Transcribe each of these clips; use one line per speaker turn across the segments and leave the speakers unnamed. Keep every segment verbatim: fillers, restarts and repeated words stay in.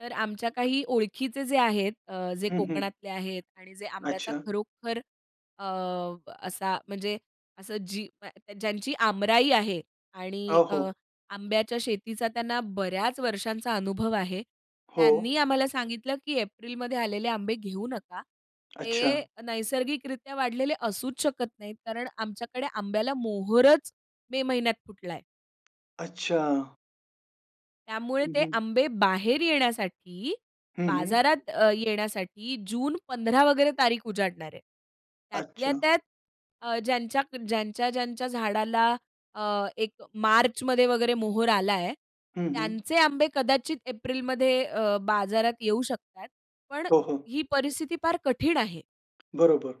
तर आमच्या काही ओळखीचे जे आहेत अ, जे
हं, हं.
कोकणातले आहेत आणि जे आंब्याचा
अच्छा.
खरोखर अ, असा म्हणजे असं जी ज्यांची आंबराई आहे
अ,
आणि अ,
हो.
आंब्याच्या शेतीचा त्यांना बऱ्याच वर्षांचा अनुभव आहे. त्यांनी
हो.
आम्हाला सांगितलं की एप्रिलमध्ये आलेले आंबे घेऊ नका.
अच्छा.
ते नैसर्गिकरित्या वाढलेले असूच शकत नाहीत. कारण आमच्याकडे आंब्याला मोहोरच मे महिन्यात फुटलाय.
अच्छा.
त्यामुळे
हं,
ते
हं.
आंबे बाहेर येण्यासाठी
हं, हं.
बाजारात अ, येण्यासाठी जून पंधरा वगैरे तारीख उजाडणार आहे. त्यातल्या
अच्छा.
त्यात अ, ज्यांच्या ज्यांच्या-ज्यांच्या झाडाला अ, एक मार्चमध्ये वगैरे मोहोर आलाय.
हं, हं.
त्यांचे आंबे कदाचित एप्रिलमध्ये अ, बाजारात येऊ शकतात. पण
हो, हो.
ही परिस्थिती फार कठीण आहे.
बरोबर.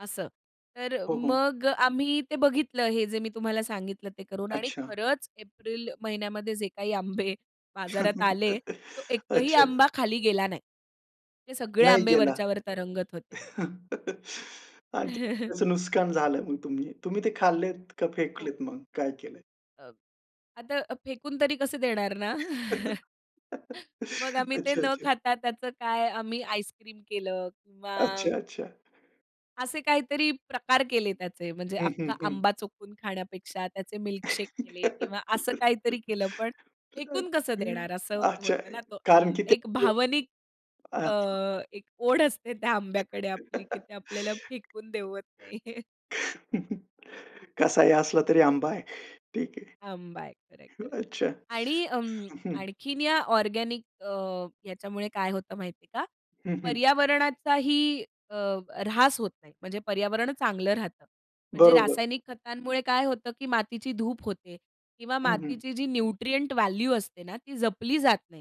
असं. तर
हो, हो.
मग आम्ही ते बघितलं हे जे मी तुम्हाला सांगितलं ते करून आणि
अच्छा.
खरंच एप्रिल महिन्यामध्ये जे काही आंबे बाजारात आले तो एकही
अच्छा.
आंबा खाली गेला नाही. ते सगळे
नाही
आंबे
गेला.
वरच्यावर तरंगत होते.
आणि त्याचं नुस्कान झालं मग तुम्ही, तुम्ही ते खाल्लेत का
हो.
फेकलेत मग? काय केलं?
अ, आता अ, फेकून तरी कसं देणार ना? मग आम्ही ते
अच्छा,
न
अच्छा.
खाता त्याचं काय आम्ही आईसक्रीम केलं किंवा
अच्छा. अच्छा.
असे काहीतरी प्रकार केले त्याचे म्हणजे
हं, हं,
अख्खा
हं.
आंबा चोखून खाण्यापेक्षा त्याचे मिल्कशेक केले किंवा असं काहीतरी केलं. पण फेकून कसं देणार असं
अच्छा.
होतं ना तो
कारण
आंब
की ते
एक भावनिक
अ,
अ,
[unintelligible]
एक ओढ असते त्या आंब्याकडे आपली की ते आपल्याला फेकून देवत नाही.
कसाही असला तरी आंबा आहे. ठीक
आंबा आहे. खरंय, खरंय.
आहे. अच्छा.
आणि अ,
हं, हं.
आणखीन या ऑर्गेनिक अ, ह्याच्यामुळे काय होतं माहितीये का?
हं, हं.
पर्यावरणाचाही अ, ऱ्हास होत नाही. म्हणजे पर्यावरण चांगलं राहतं. म्हणजे
बरोबर.
रासायनिक खतांमुळे काय होतं की मातीची धूप होते किंवा
हं, हं.
मातीची जी न्यूट्रिएंट व्हॅल्यू असते ना ती जपली जात नाही.